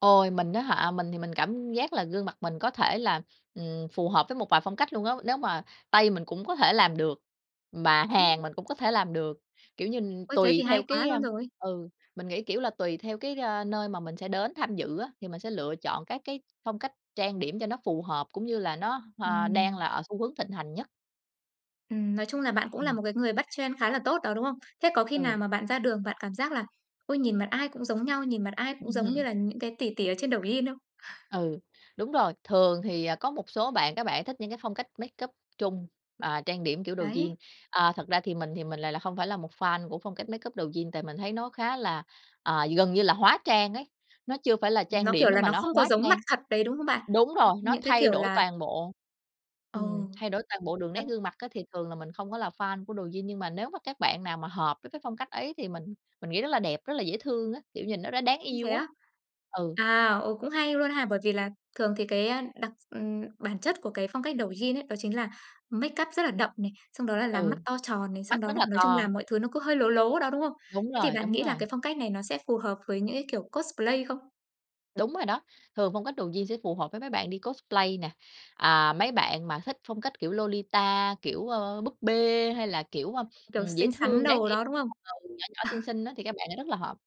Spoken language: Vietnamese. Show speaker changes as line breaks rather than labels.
Ôi, mình á hả, mình thì mình cảm giác là gương mặt mình có thể là, ừm, phù hợp với một vài phong cách luôn á. Nếu mà Tây mình cũng có thể làm được, mà
Ừm.
Hàn mình cũng có thể làm được, kiểu như,
Ôi, thế
tùy
thì
theo
hay quá
cái à,
luôn rồi.
ừ, mình nghĩ, kiểu là, tùy theo cái, a, nơi mà mình sẽ đến tham dự á, thì mình sẽ lựa chọn các cái phong cách trang điểm cho nó phù hợp cũng như là nó, hờ, đang
Ừm.
là ở xu hướng thịnh hành nhất.
Ừm, nói chung là bạn cũng là
Ừm.
một cái người trend khá là tốt đó, đúng không? Thế có khi nào
Ừ.
mà bạn ra đường, bạn cảm giác là ôi, nhìn mặt ai cũng giống nhau, nhìn mặt ai cũng giống như
Ừm.
là những cái tỷ tỷ ở trên Douyin không?
Ừ, đúng rồi, thường thì có một số bạn, các bạn thích những cái phong cách makeup Trung, à, trang điểm kiểu Douyin.
Đấy.
À, thật ra thì mình thì mình lại hông phải là một fan của phong cách makeup Douyin, tại mình thấy nó khá là à, gần như là hóa trang ấy, nó chưa phải là trang
Nó,
điểm
kiểu
nữa
là,
mà
nó
nó
không có
hóa
giống mặt
trang.
thật đấy, đúng không bạn?
Đúng rồi, nó
Những cái
thay
kiểu
đổi
là
toàn bộ. Ừm,
Ừ.
thay đổi toàn bộ đường nét
Thật.
gương mặt á thì thường là mình không có là fan của Douyin, nhưng mà nếu mà các bạn nào mà hợp với cái phong cách ấy thì mình mình nghĩ rất là đẹp, rất là dễ thương á, kiểu, nhìn nó đã đáng
Ưm, Thế
yêu á.
á?
Ừ.
À, ờ, cũng hay luôn ha, bởi vì là thường thì cái đặc ừm, bản chất của cái phong cách Douyin ấy, đó chính là makeup rất là đậm này, xong đó là làm
Ừ,
mắt to tròn này, xong
mắt
đó
rất
là
là
nói chung
to.
là mọi thứ nó cứ hơi lố lố đó, đúng không?
Đúng
Thế thì
rồi,
bạn
đúng
nghĩ là
rồi.
cái phong cách này nó sẽ phù hợp với những cái kiểu cosplay không?
Đúng rồi đó, thường phong cách Douyin sẽ phù hợp với mấy bạn đi cosplay nè. À, mấy bạn mà thích phong cách kiểu Lolita, kiểu, ơ, búp bê hay là kiểu,
Kiểu,
ừm, dễ
xinh xắn
thương, đáng
đồ
yêu,
đó,
[unintelligible]
đúng không?
nhỏ nhỏ, xinh xinh á thì các bạn lại rất là hợp.